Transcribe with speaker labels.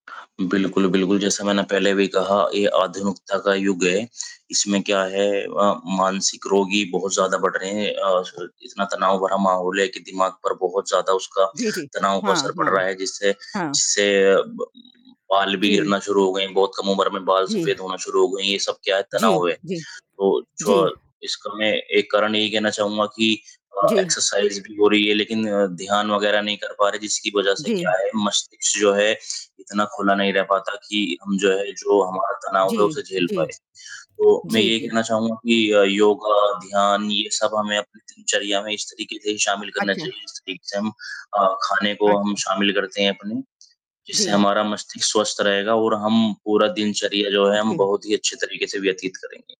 Speaker 1: बिल्कुल, बिल्कुल। जैसा मैंने पहले भी कहा ये आधुनिकता का युग है, इसमें क्या है अ, मानसिक रोगी बहुत ज़्यादा बढ़ रहे हैं अ, छ इतना तनाव भरा माहौल है कि दिमाग पर बहुत ज़्यादा उसका
Speaker 2: जी, जी।
Speaker 1: तनाव का
Speaker 2: हाँ,
Speaker 1: असर पड़
Speaker 2: हाँ।
Speaker 1: रहा है, जिससे,
Speaker 2: हाँ।
Speaker 1: जिससे ब बाल भी
Speaker 2: जी।
Speaker 1: गिरना शुरू हो गए हैं, बहुत कम उम्र में बाल
Speaker 2: जी।
Speaker 1: सफेद होना शुरू हो गए हैं, ये सब क्या है,
Speaker 2: जी,
Speaker 1: तनाव है,
Speaker 2: जी।
Speaker 1: तो जो
Speaker 2: जी।
Speaker 1: इसका मैं एक कारण ये ही कहना चाहूँगा कि अ,
Speaker 2: जी।
Speaker 1: एक्सरसाइज़ भी हो रही है लेकिन ध्यान वग़ैरह नहीं कर पा रहे, जिसकी वज़ह से क्या
Speaker 2: जी।
Speaker 1: है मस्तिष्क जो है, इतना खुला नहीं रह पाता कि हम जो है, जो हमारा
Speaker 2: जी,
Speaker 1: तनाव है उसे झेल
Speaker 2: जी।
Speaker 1: पाएँ, तो मैं
Speaker 2: जी,
Speaker 1: ये
Speaker 2: जी।
Speaker 1: कहना चाहूँगा कि अ, योगा, ध्यान ये सब हमें अपनी दिनचर्या में इस तरीके से
Speaker 2: अ,
Speaker 1: शामिल करना
Speaker 2: अच्छा।
Speaker 1: चाहिए, जिस तरीके से हम अ, खाने को हम
Speaker 2: अच्छा।
Speaker 1: शामिल करते हैं अपने, जिससे
Speaker 2: जी।
Speaker 1: हमारा मस्तिष्क स्वस्थ रहेगा और हम पूरा दिनचर्या जो है हम
Speaker 2: जी।
Speaker 1: बहुत ही अच्छे तरीके से व्यतीत करेंगे।